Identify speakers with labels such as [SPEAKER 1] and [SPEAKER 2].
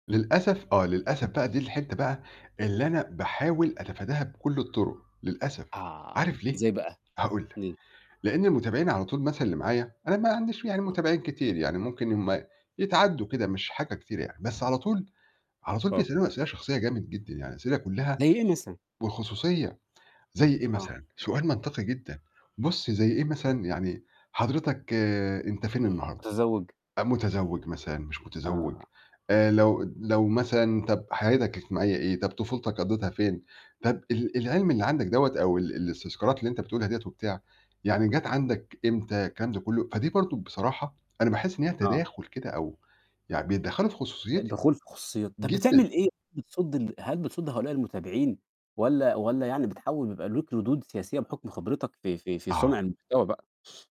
[SPEAKER 1] للأسف آه للأسف بقى دي الحتّة بقى اللي أنا باحاول أتفاداها بكلّ الطرُق، للأسف
[SPEAKER 2] آه،
[SPEAKER 1] عارف ليه؟
[SPEAKER 2] إزاي بقى؟
[SPEAKER 1] هاقول لك،
[SPEAKER 2] امم.
[SPEAKER 1] لإن المتابعين على طول مثلًا اللي معايا، أنا ما عنديش يعني
[SPEAKER 2] آه.
[SPEAKER 1] متابعين كتير يعني ممكن هُم يتعدوا كده مش حاجة كتيرة يعني، بس على طول على طول
[SPEAKER 2] آه.
[SPEAKER 1] بيسألوني أسئلة شخصية جامد جدًا، يعني أسئلة كلّها
[SPEAKER 2] زي إيه مثلًا؟
[SPEAKER 1] والخصوصية زي إيه
[SPEAKER 2] آه.
[SPEAKER 1] مثلًا، سؤال منطقي جدًا بُصّ زي إيه مثلًا، يعني حضرتك أنت فين النهارده؟
[SPEAKER 2] متزوج.
[SPEAKER 1] أ متزوج مثلًا مش متزوج،
[SPEAKER 2] آه.
[SPEAKER 1] آآ لو لو مثلًا طب حياتك الاجتماعية إيه طب طفولتك قضّيتها فين؟ طب ال العلم اللي عندك دوّة أو ال الاستذكارات اللي أنت بتقولها ديّة وبتاع، يعني جات عندك إمتى الكلام ده كلّه، فدي برضه بصراحة أنا باحس إن هي
[SPEAKER 2] آه.
[SPEAKER 1] تداخل كده، أو يعني بيتدخّلوا في خصوصيّتي
[SPEAKER 2] الدخول في خصوصيات، طب
[SPEAKER 1] جدًا.
[SPEAKER 2] بتعمل إيه بتصد ال هل بتصد هؤلاء المتابعين؟ والّا والّا يعني بتحاول بيبقى ليك ردود سياسية بحُكم خبرتك في في في صنع
[SPEAKER 1] آه.
[SPEAKER 2] المحتوى بقى؟